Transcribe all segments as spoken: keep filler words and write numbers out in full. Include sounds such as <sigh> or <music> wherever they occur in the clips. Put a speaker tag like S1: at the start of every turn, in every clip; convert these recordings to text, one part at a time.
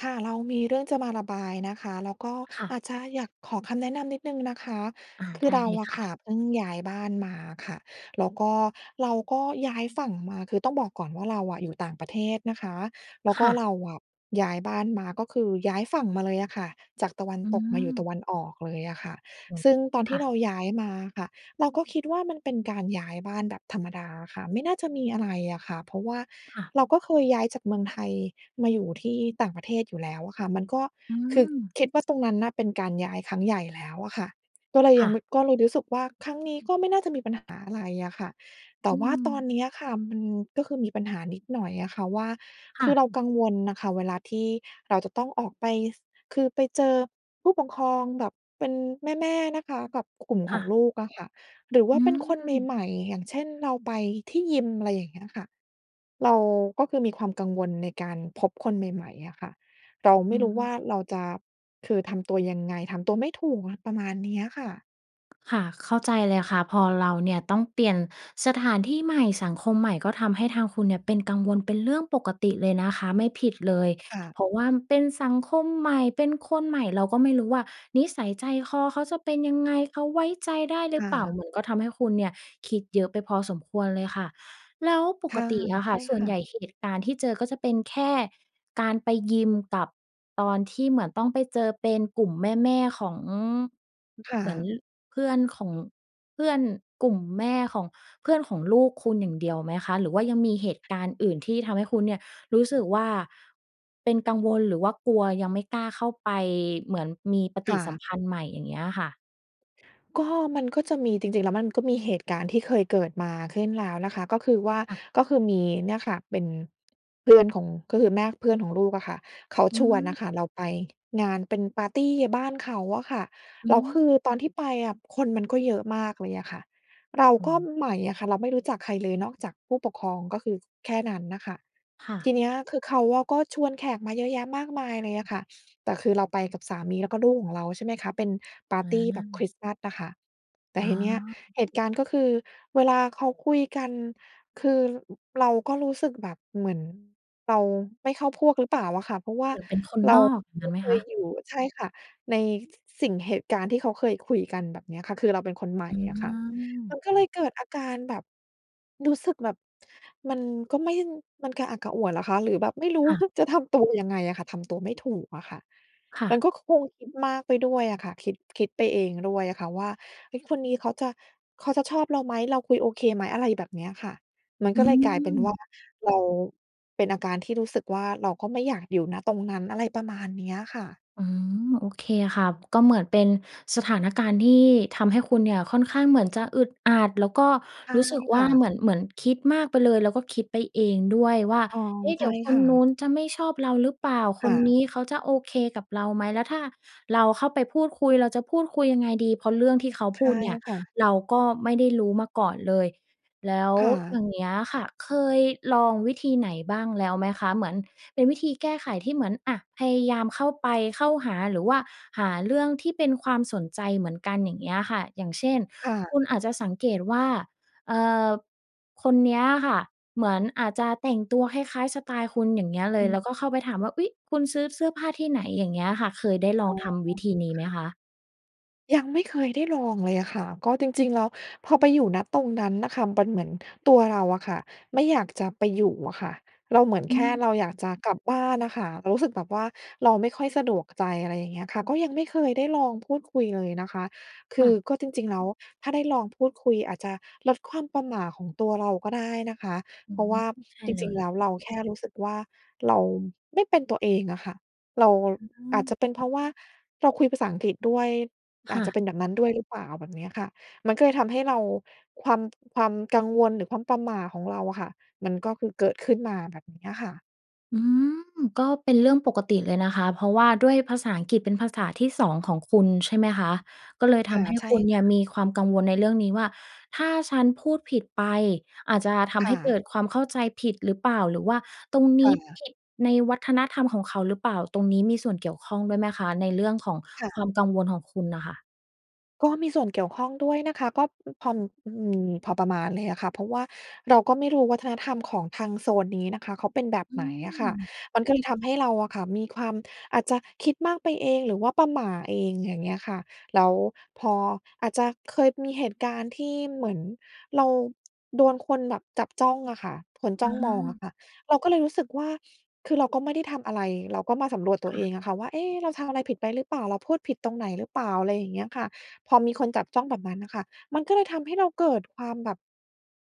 S1: ค่ะ เรามีเรื่องจะมาระบายนะคะ แล้วก็
S2: ค่
S1: อ
S2: ะ
S1: าจจะอยากขอคำแนะนำนิดหนึ่งนะคะ
S2: อา
S1: ค
S2: ไ
S1: ื
S2: ด
S1: อ
S2: ้
S1: เรา
S2: เลย
S1: อ
S2: ค
S1: ะ
S2: ่
S1: ค
S2: ะ
S1: ่ะเพิ่งย้ายบ้านมาอะค่ะ แล้วก็เราก็ย้ายฝั่งมา คือต้องบอกก่อนว่าเราอะอยู่ต่างประเทศนะคะ แล้ว
S2: ค
S1: ก็
S2: ่ะ
S1: เราอะย้ายบ้านมา ก็คือย้ายฝั่งมาเลยอะค่ะ จากตะวัน
S2: อื
S1: ตกมาอยู่ต
S2: ม
S1: ะวันออกเลยอะค่ะ ซึ่งตอน
S2: ค
S1: ที
S2: ่
S1: ่
S2: ะ
S1: เราย้ายมาอะค่ะ เราก็คิดว่ามันเป็นการย้ายบ้านแบบธรรมดาอะค่ะ ไม่น่าจะมีอะไรอะค่ะ เพราะว่า
S2: ค่ะ
S1: เราก็เคยย้ายจากเมืองไทยมาอยู่ที่ต่างประเทศอยู่แล้วอะค่ะ มันก็
S2: อื
S1: คือ
S2: ม
S1: คิดว่าตรงนั้นน่ะเป็นการย้ายครั้งใหญ่แล้วอะค่ะ ก็เลย
S2: ค
S1: ย
S2: ่
S1: ัง
S2: ะ
S1: ไม่ ก็เลยรู้สึกว่า ครั้งนี้ก็ไม่น่าจะมีปัญหาอะไรอะค่ะ แต
S2: อ
S1: ่
S2: ื
S1: ว่าตอ
S2: ม
S1: นเนี้ยอะค่ะ มัน ก็คือมีปัญหานิดหน่อยอะค่ะว่า
S2: ค
S1: ค
S2: ่
S1: ือ
S2: ะ
S1: เรากังวลน่ะค่ะเวลาที่เราจะต้องออกไป ส คือไปเจอผู้ปกครองแบบเป็นแม่ ๆ นะคะ กับกลุ่ม
S2: ค
S1: ข
S2: ่
S1: อง
S2: ะ
S1: ลูกอะค่ะ หรือว่
S2: อ
S1: า
S2: ื
S1: เป็นคนใ
S2: ม
S1: หม่ ๆ อย่างเช่น เราไปที่ยิม อะไรอย่างเงี้ยค่ะ เราก็คือมีความกังวลในการพบคนใหม่ ๆ อะค่ะ เราไม
S2: อื
S1: ่รู้
S2: ม
S1: ว่าเราจะ คือทำตัวยังไง ทำตัวไม่ถูกอะ ประมาณเนี้ยค่ะ
S2: ค่ะ เข้าใจเลยค่ะ พอเราเนี่ยต้องเปลี่ยนสถานที่ใหม่ สังคมใหม่ ก็ทำให้ทางคุณเนี่ยเป็นกังวล เป็นเรื่องปกติเลยนะคะ ไม่ผิดเลย
S1: ค่ะ
S2: เพราะว่าเป็นสังคมใหม่ เป็นคนใหม่ เราก็ไม่รู้ว่านิสัยใจคอเขาจะเป็นยังไง เขาไว้ใจได้หร
S1: ค
S2: ือ
S1: ่
S2: เปล่า
S1: ะ
S2: เหมือนก็ทำให้คุณเนี่ยคิดเยอะไปพอสมควรเลยค่ะ แล้วป
S1: ค
S2: ก
S1: ่ะ
S2: ติอะค
S1: ใ
S2: ่
S1: ช
S2: ะ
S1: ่
S2: ส่
S1: ค
S2: วน
S1: ่
S2: ให
S1: ะ
S2: ญ่เหตุการณ์ที่เจอก็จะเป็นแค่การไปยิมกับตอนที่เหมือนต้องไปเจอเป็นกลุ่มแม่ ๆ ของ อ
S1: ค่
S2: เหมือน
S1: ะ
S2: เพื่อนของ เพื่อนกลุ่มแม่ของเพื่อนของลูกคุณอย่างเดียวไหมคะ? หรือว่ายังมีเหตุการณ์อื่นที่ทำให้คุณเนี่ยรู้สึกว่าเป็นกังวลหรือว่ากลัว ยังไม่กล้าเข้าไปเหมือนมีปฏ
S1: ค
S2: ิ
S1: ่
S2: สัม
S1: ะ
S2: พันธ์ใหม่ อย่างเงี้ยค่ะ?
S1: ก็ มันก็จะมี จริง ๆ แล้วมันก็มีเหตุการณ์ที่เคยเกิดมาขึ้นแล้วนะคะ ก็คือว่า
S2: ค่ะ
S1: ก็คือมีเนี่ยค่ะเป็นเพื่อนของ ก็คือแม่เพื่อนของลูกอะค่ะ เขา
S2: อื
S1: ชวนน
S2: ม
S1: ่ะค่ะเราไปงานเป็นปาร์ตี้บ้านเขาอะค่ะ
S2: อื
S1: แล้วคือ
S2: ม
S1: ตอนที่ไปอะคนมันก็เยอะมากเลยอะค่ะ เรา
S2: โอ
S1: ก็
S2: ้
S1: ใหม่อะค่ะ เราไม่รู้จักใครเลยนอกจากผู้ปกครอง ก็คือแค่นั้นน่ะค่ะ
S2: ค่ะ
S1: ทีเนี้ยคือเขาอะก็ชวนแขกมาเยอะแยะมากมายเลยอะค่ะ แต่คือเราไปกับสามีแล้วก็ลูกของเรา ใช่ไหมคะ เป็นปาร
S2: อ
S1: ์ตี้แบบค
S2: า
S1: ริสต์มาสอะค่ะ แต่
S2: อ๋
S1: ทีเนี้ย
S2: อ
S1: เหตุการณ์ก็คือเวลาเขาคุยกัน คือ อ เราก็รู้สึกแบบเหมือนเราไม่เข้าพวกหรือเปล่าอะค่ะ เพราะว่
S2: เ
S1: า
S2: หมือนเป็นคน
S1: เร
S2: น
S1: า
S2: อก อย่าง
S1: ไ
S2: ง
S1: ม
S2: ั้
S1: ่
S2: นไหม
S1: เค
S2: ค
S1: ย
S2: ะ?
S1: อยู่ ใช่ค่ะ ใน ส สิ่งเหตุการณ์ที่เขาเคยคุยกันแบบเนี้ยค่ะ คือเราเป็นคนใหม
S2: อ
S1: ่
S2: ื
S1: อะค่ะ ม
S2: ม
S1: ันก็เลยเกิดอาการแบบ รู้สึกแบบ มันก็ไม่ มันกระอักกระอ่วนเหรอคะ หรือแบบไม่รู้
S2: ค่ะ
S1: <chuckles> จะทำตัวยังไงอะค่ะ ทำตัวไม่ถูกอะค่ะ
S2: ค่ะ
S1: มันก็คงคิดมากไปด้วยอะค่ะ คิด คิดไปเองด้วยอะค่ะว่า เฮ้ย คนนี้เขาจะ เขาจะชอบเราไหม? เราคุยโอเคไหม? อะไรแบบเนี้ยค่ะ มัน
S2: อ
S1: ก
S2: ื
S1: ็เลยกลายเป็นว่า
S2: ม
S1: เราเป็นอาการที่รู้สึกว่า เราก็ไม่อยากอยู่ ณ ตรงนั้น อะไรประมาณเนี้ยค่ะ
S2: อืม โอเคค่ะ ก็เหมือนเป็นสถานการณ์ที่ทำให้คุณเนี่ยค่อนข้างเหมือนจะอึดอัด แล้วก็
S1: ใช่
S2: รู้สึกว
S1: ค
S2: ่า
S1: ่
S2: เ
S1: ะ
S2: หมือน เหมือนคิดมากไปเลย แล้วก็คิดไปเองด้วยว่า
S1: เออ
S2: เอ๊ะ เ
S1: ใ
S2: ด
S1: ช
S2: ี๋
S1: ่
S2: ยวค
S1: ค
S2: น
S1: ่
S2: นู้
S1: ะ
S2: นจะไม่ชอบเราหรือเปล่า?
S1: ค
S2: ค
S1: ่
S2: นน
S1: ะ
S2: ี้เขาจะโอเคกับเราไหม? แล้วถ้าเราเข้าไปพูดคุย เราจะพูดคุยยังไงดี? เพราะเรื่องที่เขา
S1: ใ
S2: พ
S1: ช
S2: ู
S1: ่
S2: ดเนี่ย
S1: ค่ะ
S2: เราก็ไม่ได้รู้มาก่อนเลย แล้ว
S1: ค่ะ
S2: อย่างเงี้ยค่ะ เคยลองวิธีไหนบ้างแล้วไหมคะ? เหมือนเป็นวิธีแก้ไขที่เหมือน อะ พยายามเข้าไป เข้าหา หรือว่าหาเรื่องที่เป็นความสนใจเหมือนกัน อย่างเงี้ยค่ะ อย่างเช่น
S1: ค่
S2: ค
S1: ะ
S2: ุณอาจจะสังเกตว่า เอ่อ คนเนี้ยอะค่ะ เหมือนอาจจะแต่งตัวคล้าย ๆ สไตล์คุณ อย่างเงี้ยเล
S1: อ
S2: ย
S1: ือ
S2: แล้วก็เข้าไปถามว่า "อุ๊ย! คุณซื้อเสื้อผ้าที่ไหน?" อย่างเงี้ยค่ะ เคยได้ลอ
S1: อ
S2: ง
S1: ๋อ
S2: ทำวิธีนี้
S1: ค
S2: ไหม
S1: ่ะ
S2: คะ?
S1: ยังไม่เคยได้ลองเลยอะค่ะ ก็จริง ๆ แล้วพอไปอยู่ ณ ตรงนั้นน่ะค่ะ มันเหมือนตัวเราอะค่ะ ไม่อยากจะไปอยู่อะค่ะ เราเหมือน
S2: อื
S1: แค่
S2: ม
S1: เราอยากจะกลับบ้านอะค่ะ เรารู้สึกแบบว่าเราไม่ค่อยสะดวกใจ อะไรอย่างเงี้ยค่ะ ก็ยังไม่เคยได้ลองพูดคุยเลยนะคะ ค
S2: ค
S1: ื
S2: ่
S1: อ
S2: ะ
S1: ก็จริง ๆ แล้วถ้าได้ลองพูดคุย อาจจะลดความประหม่าของตัวเราก็ได้นะคะ
S2: อื
S1: เพราะ
S2: ม
S1: ว่า
S2: ใช่
S1: จร
S2: เล
S1: ิง
S2: ย
S1: ๆ แล้วเราแค่รู้สึกว่า เราไม่เป็นตัวเองอะค่ะ เรา
S2: อื
S1: อาจจ
S2: ม
S1: ะเป็นเพราะว่า เราคุยภาษาอังกฤษด้วย
S2: ค
S1: อ
S2: ่
S1: าจจะ
S2: ะ
S1: เป็นแบบนั้นด้วยหรือเปล่า แบบนี้อะค่ะ มันก็เลยทำให้เรา ความ ความกังวล หรือความประหม่าของเราอะค่ะ มันก็คือเกิดขึ้นมา แบบนี้อะค่ะ
S2: อืม ก็เป็นเรื่องปกติเลยนะคะ เพราะว่าด้วยภาษาอังกฤษเป็นภาษาที่ สอง ของคุณ ใช่ไหมคะ ก็เลยท
S1: ค่ะ
S2: ำให้
S1: ใช่
S2: คุณเน
S1: ค
S2: ี่
S1: ่
S2: ย
S1: ะ
S2: มีความกังวลในเรื่องนี้ว่า ถ้าฉันพูดผิดไป อาจจะท
S1: ค
S2: ำให
S1: ่
S2: ้เก
S1: ะ
S2: ิดความเข้าใจผิดหรือเปล่า หรือว่าตรงน
S1: ค
S2: ี
S1: ่
S2: ้
S1: ะ
S2: ผิดในวัฒนธรรมของเขาหรือเปล่า ตรงนี้มีส่วนเกี่ยวข้องด้วยไหมคะ ในเรื่องของ
S1: ค่
S2: คว
S1: ะ
S2: ามกังวลของคุณน่ะค่ะ?
S1: ก็มีส่วนเกี่ยวข้องด้วยนะคะ ก็ อ พอมี พอประมาณเลยอะค่ะ เพราะว่าเราก็ไม่รู้วัฒนธรรมของทางโซนนี้นะคะ เขาเป็นแบบ
S2: อื
S1: ไหนอะค่ะ
S2: ม
S1: มันก็เลยทำให้เราอะค่ะ มีความ อาจจะคิดมากไปเอง หรือว่าประหม่าเอง อย่างเงี้ยค่ะ แล้วพอ อาจจะเคยมีเหตุการณ์ที่เหมือน เรา โดนคนแบบจับจ้องอะค่ะ คนจ
S2: อ
S1: ้องมองอะ
S2: า
S1: ค่ะ เราก็เลยรู้สึกว่า คือเราก็ไม่ได้ทำอะไร เราก็มาสำรวจตั
S2: ค
S1: ว
S2: ่
S1: เอ
S2: ะ
S1: งอะค่ะ ว่า เอ๊ เราทำอะไรผิดไปหรือเปล่า เราพูดผิดตรงไหนหรือเปล่า อะไรอย่างเงี้ยค่ะ พอมีคนจับจ้องแบบนั้นน่ะค่ะ มันก็เลยทำให้เราเกิดความแบบ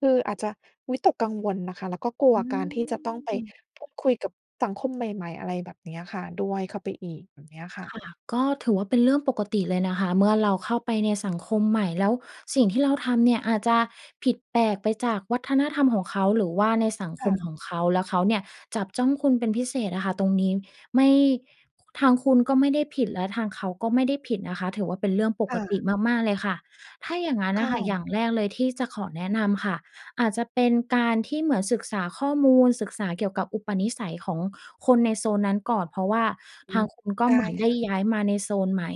S1: คืออาจจะวิตกกังวลน่ะค่ะ แล้วก็กลั
S2: อ
S1: ว
S2: ื
S1: การที่จะต้องไป
S2: ม
S1: พูดคุยกับสังคมใหม่ ๆ อะไรแบบเนี้ยค่ะ ด้วยเข้าไปอีก แบบเนี้ยค่
S2: ค
S1: ะ
S2: ่ะ ก็ถือว่าเป็นเรื่องปกติเลยนะคะ เมื่อเราเข้าไปในสังคมใหม่ แล้วสิ่งที่เราต้องทำเนี่ย อาจจะผิดแปลกไปจากวัฒนธรรมของเขา หรือว่าในสัง
S1: ค
S2: ค
S1: ่
S2: มข
S1: ะ
S2: องเขา แล้วเขาเนี่ย จับจ้องคุณเป็นพิเศษอะค่ะ ตรงนี้ไม่ ทางคุณก็ไม่ได้ผิด และทางเขาก็ไม่ได้ผิดนะคะ ถือว่าเป็นเรื่องป
S1: ค่
S2: กติ
S1: ะ
S2: มาก ๆ เลยค่ะ ถ้าอย่างงั้น
S1: ค
S2: น่
S1: ่
S2: ะค่ะ อ
S1: ะ
S2: ย่างแรกเลยที่จะขอแนะนำค่ะ อาจจะเป็นการที่เหมือนศึกษาข้อมูล ศึกษาเกี่ยวกับอุปนิสัยของคนในโซนนั้นก่อน เพราะว่า
S1: อื
S2: ทาง
S1: อ
S2: คุณก็
S1: ได
S2: เหม
S1: ้
S2: ือนได
S1: ค
S2: ้
S1: ่ะ
S2: ย้ายมาในโซนใหม่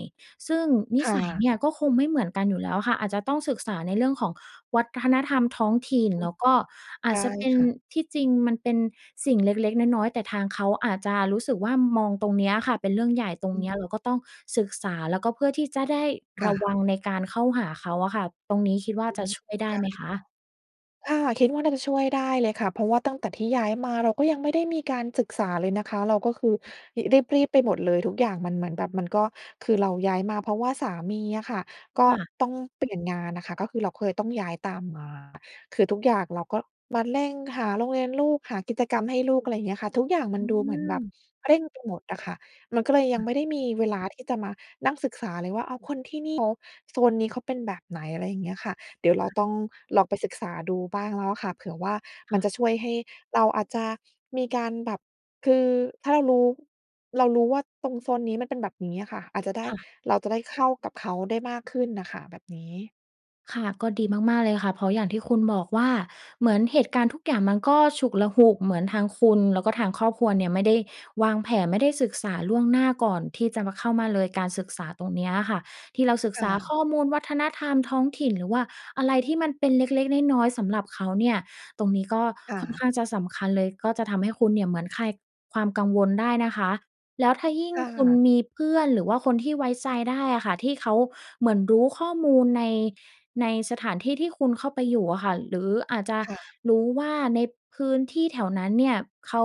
S2: ซึ่งนิ
S1: ค่
S2: สัยเน
S1: ะ
S2: ี่ย ก็คงไม่เหมือนกันอยู่แล้วค่ะ อาจจะต้องศึกษาในเรื่องของวัฒนธรรมท้องถิ่น แล้วก็อา
S1: ได
S2: จ
S1: ้
S2: จะเป็น
S1: ค่ะ
S2: ที่จริงมันเป็นสิ่งเล็ก ๆ น้อย ๆ แต่ทางเขาอาจจะรู้สึกว่า มองตรงเนี้ยค่ะเป็นเรื่องใหญ่ ตรง
S1: อ
S2: เน
S1: ื
S2: ี
S1: ม
S2: ้ยเราก็ต้องศึกษา แล้วก็เพื่อที่จะได้
S1: ค
S2: ร
S1: ่
S2: ะว
S1: ะ
S2: ังในการเข้าหาเขาอะค่ะ ตรงนี้คิดว่า
S1: อื
S2: จะ
S1: ม
S2: ช่วยได้
S1: ได้
S2: ไหมค
S1: ค่ะ
S2: ะ?
S1: อา เราคิดว่าน่าจะช่วยได้เลยค่ะ เพราะว่าตั้งแต่ที่ย้ายมา เราก็ยังไม่ได้มีการศึกษาเลยนะคะ เราก็คือ ห รีบ ๆ ไปหมดเลย ทุกอย่างมันเหมือนแบบมันก็ คือเราย้ายมาเพราะว่าสามีอะค่ะ ก็
S2: ค่ะ
S1: ต้องเปลี่ยนงานอะค่ะ ก็คือเราเคยต้องย้ายตามมา คือทุกอย่างเราก็มาเร่งหาโรงเรียนลูก หากิจกรรมให้ลูก อะไรเงี้ยค่ะ ทุกอย่างมั
S2: อ
S1: น
S2: ื
S1: ดูเหมือนแบบ
S2: ม
S1: เร่งไปหมดอะค่ะ มันก็เลยย
S2: อ
S1: ัง
S2: ือ
S1: ไม่ได้มีเวลาที่จะมานั่งศึกษาเลยว่า อ้าว คนที่นี่เขา โซนนี้เขาเป็นแบบไหน อะไรเงี้ยค่ะ เดี๋ยวเราต้องลองไปศึกษาดูบ้างแล้วอะค่ะ เผื่อว่า
S2: ค
S1: มั
S2: ่
S1: น
S2: ะ
S1: จะช่วยให้เราอาจจะมีการแบบ คือถ้าเรารู้ เรารู้ว่าตรงโซนนี้มันเป็นแบบนี้อะค่ะ อาจจะได้
S2: ค่ะ
S1: เราจะได้เข้ากับเขาได้มากขึ้นน่ะค่ะ แบบนี้
S2: ค่ะ ก็ดีมาก ๆ เลยค่ะ เพราะอย่างที่คุณบอกว่า เหมือนเหตุการณ์ทุกอย่างมันก็ฉุกละหุก เหมือนทางคุณแล้วก็ทางครอบครัวเนี่ย ไม่ได้วางแผน ไม่ได้ศึกษาล่วงหน้าก่อนที่จะมาเข้ามาเลย การศึกษาตรงเนี้ยอะค่ะ ที่เราศึก
S1: ค่
S2: ษา
S1: ะ
S2: ข้อมูลวัฒนธรรมท้องถิ่น หรือว่าอะไรที่มันเป็นเล็ก ๆ น้อย ๆ สำหรับเขาเนี่ย ตรงนี้ก็
S1: ค่
S2: ค่อนข
S1: ะ
S2: ้างจะสำคัญเลย ก็จะทำให้คุณเนี่ย เหมือนคลายความกังวลได้นะคะ แล้วถ้ายิ่ง
S1: ค่
S2: คุณ
S1: ะ
S2: มีเพื่อน หรือว่าคนที่ไว้ใจได้อะค่ะ ที่เขาเหมือนรู้ข้อมูลใน ในสถานที่ที่คุณเข้าไปอยู่อะค่ะ หรืออาจจะ
S1: ค่ะ
S2: รู้ว่าในพื้นที่แถวนั้นเนี่ย เขา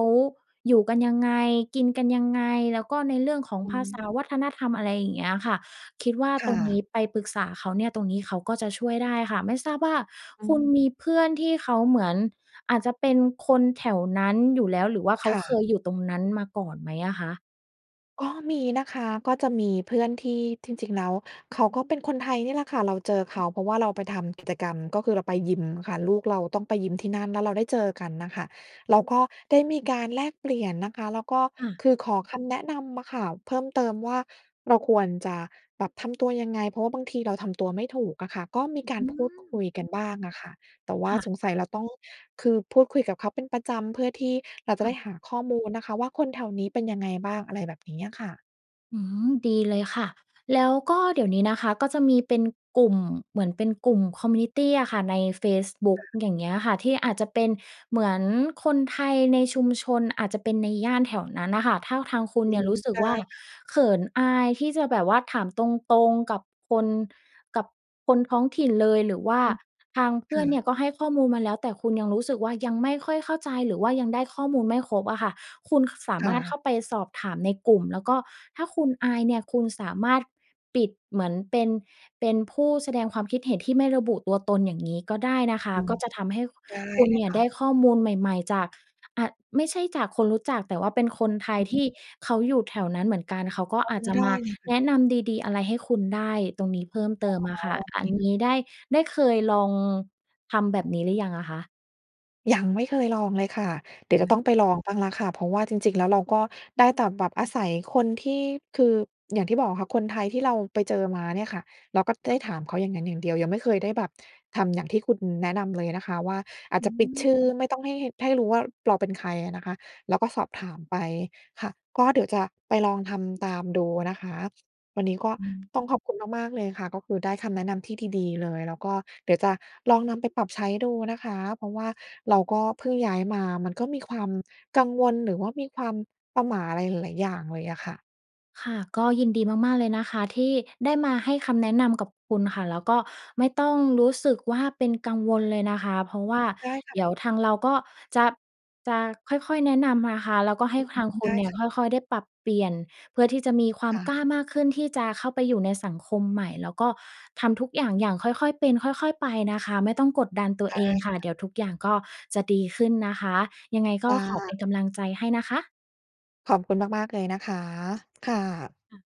S2: อยู่กันยังไง กินกันยังไง แล้วก็ในเรื่องของ
S1: อ
S2: ภ
S1: ื
S2: าษ
S1: ม
S2: า วัฒนธรรม อะไรอย่างเงี้ยอะค่ะ คิดว่า
S1: ค่
S2: ตรงนี
S1: ะ
S2: ้ไปปรึกษาเขาเนี่ย ตรงนี้เขาก็จะช่วยได้ค่ะ ไม่ทราบว่า
S1: อ
S2: คุณ
S1: ืม
S2: มีเพื่อนที่เขาเหมือน อาจจะเป็นคนแถวนั้นอยู่แล้ว หรือว่าเข
S1: ค
S2: า
S1: ่
S2: เค
S1: ะ
S2: ยอยู่ตรงนั้นมาก่อนไหมอะคะ?
S1: ก็มีนะคะ ก็จะมีเพื่อนที่ จริง ๆ แล้ว เขาก็เป็นคนไทยนี่แหละค่ะ เราเจอเขา เพราะว่าเราไปทำกิจกรรม ก็คือเราไปยิมค่ะ ลูกเราต้องไปยิมที่นั่น แล้วเราได้เจอกันน่ะค่ะ แล้วก็ได้มีการแลกเปลี่ยนนะคะ แล้วก็
S2: ค่ะ
S1: คือขอคำแนะนำอะค่ะเพิ่มเติมว่า เราควรจะแบบ ทำตัวยังไง เพราะว่าบางทีเรา ทำตัวไม่ถูกอะค่ะ ก็มีก
S2: อ
S1: า
S2: ื
S1: รพูดคุ
S2: ม
S1: ยกันบ้างอะค่ะ แต่ว่
S2: ค
S1: า
S2: ่
S1: ส
S2: ะ
S1: งสัยเราต้อง คือพูดคุยกับเขาเป็นประจำ เพื่อที่ เราจ
S2: ค
S1: ะ
S2: ่
S1: ไ
S2: ะ
S1: ด้หาข้อมูลนะคะว่า คนแถวนี้เป็นยังไงบ้าง อะไรแบบนี้อะค่ะ
S2: อืม ดีเลยค่ะ แล้วก็เดี๋ยวนี้นะคะก็จะมีเป็นกลุ่ม เหมือนเป็นกลุ่ม คอมมิวนิตี้ อะค่ะ ในเฟซบุ๊
S1: ค
S2: ก
S1: ่ะ
S2: อย่างเงี้ยค่ะ ที่อาจจะเป็นเหมือนคนไทยในชุมชน อาจจะเป็นในย่านแถวนั้นน่ะค่ะ ถ้าทางคุณ
S1: อื
S2: เนี่ยร
S1: อ
S2: ู้สึก
S1: ได
S2: ว่
S1: ้
S2: า
S1: ค่ะ
S2: เขินอายที่จะแบบว่าถามตรง ๆ กับคน กับคนท้องถิ่นเลย หรือว่า
S1: อือ
S2: ทางเพ
S1: ค
S2: ื่อ
S1: ่
S2: นเน
S1: ะ
S2: ี่ยก็ให้ข้อมูลมาแล้ว แต่คุณยังรู้สึกว่า ยังไม่ค่อยเข้าใจหรือว่ายังได้ข้อมูลไม่ครบอะค่ะ คุณสา
S1: ค
S2: ม
S1: ่
S2: ารถเข้า
S1: ะ
S2: ไปสอบถามในกลุ่ม แล้วก็ถ้าคุณอายเนี่ย คุณสามารถปิดเหมือนเป็น เป็นผู้แสดงความคิดเห็นที่ไม่ระบุตัวตน อย่างงี้ก็ได้นะคะ
S1: อื
S2: ก
S1: ม
S2: ็จะทำให้
S1: ได้
S2: คุณ
S1: เล
S2: เน
S1: ย
S2: ี่ย
S1: ค
S2: ไ
S1: ่
S2: ด
S1: ะ
S2: ้ข้อมูลใหม่ ๆ จาก อะ ไม่ใช่จากคนรู้จัก แต่ว่าเป็นคนไท
S1: อ
S2: ย
S1: ือ
S2: ท
S1: ฮึ
S2: ี่เขาอยู่แถวนั้นเหมือนกัน เขาก็
S1: อื
S2: อาจ
S1: ม
S2: จะ
S1: ได้
S2: มา
S1: เลยค่
S2: แ
S1: ะ
S2: นะนำดี ๆ อะไรให้คุณได้ตรงนี้เพิ่มเติมอ
S1: อ๋
S2: ะ
S1: อ
S2: ค่ะ
S1: โอเค
S2: อันนี้ได้ ได้เคยลองทำแบบนี้หรือยังอะคะ?
S1: ยังไม่เคยลองเลยค่ะ เดี๋ย
S2: อ
S1: วจะ
S2: ื
S1: ต
S2: ม
S1: ้องไปลองบ้างแล้วค่ะ เพราะว่าจริง ๆ แล้วเราก็ได้แต่แบบอาศัยคนที่ คืออย่างที่บอกอะค่ะ คนไทยที่เราไปเจอมาเนี่ยค่ะ เราก็
S2: ค
S1: ได
S2: ่ะ
S1: ้ถามเขาอย่างงั้นอย่างเดียว ยังไม่เคยได้แบบทำอย่างที่คุณแนะนำเลยนะคะ ว่าอา
S2: อ
S1: จ
S2: ื
S1: จะปิดชื่อ
S2: ม
S1: ไม่ต้องให้ ให้รู้ว่าเราเป็นใครอะนะคะ แล้วก็สอบถามไป ค่ะ ก็เดี๋ยวจะไปลองทำตามดูนะคะ วันนี้ก็
S2: อืม
S1: ต้องขอบคุณมาก ๆ เลยค่ะ ก็คือได้คำแนะนำที่ดี ๆ เลย แล้วก็เดี๋ยวจะลองนำไปปรับใช้ดูนะคะ เพราะว่าเราก็เพิ่งย้ายมา มันก็มีความกังวล หรือว่ามีความประหม่าอะไรหลาย ๆ อย่างเลยอะค่ะ
S2: ค่ะ ก็ยินดีมาก ๆ เลยนะคะ ที่ได้มาให้คำแนะนำกับคุณค่ะ แล้วก็ไม่ต้องรู้สึกว่าเป็นกังวลเลยนะคะ เพราะว่า
S1: ได้ค่
S2: เด
S1: ะ
S2: ี๋ยวทางเราก็จะ จะค่อย ๆ แนะนำนะคะ แล้วก็ให
S1: อ
S2: ้
S1: ื
S2: ทาง
S1: ม
S2: คุ
S1: ได
S2: ณ
S1: ้
S2: เนี่ย
S1: ค่ะ
S2: ค่อย ๆ ได้ปรับเปลี่ยน เพื่อที่จะมีความ
S1: ค่
S2: กล้
S1: ะ
S2: ามากขึ้นที่จะเข้าไปอยู่ในสังคมใหม่ แล้วก็ทำทุกอย่างอย่างค่อย ๆ เป็น ค่อย ๆ ไปนะคะ ไม่ต้องกดดันตัว
S1: ได
S2: เ
S1: ้
S2: องค่ะ
S1: ค่ะ
S2: เดี๋ยวทุกอย่างก็จะดีขึ้นนะคะ ยังไงก
S1: ค
S2: ็
S1: ่
S2: ขอเป
S1: ะ
S2: ็นกำลังใจให้นะคะ
S1: ขอบคุณมาก ๆ เลยนะคะ ค่ะ
S2: ค่ะ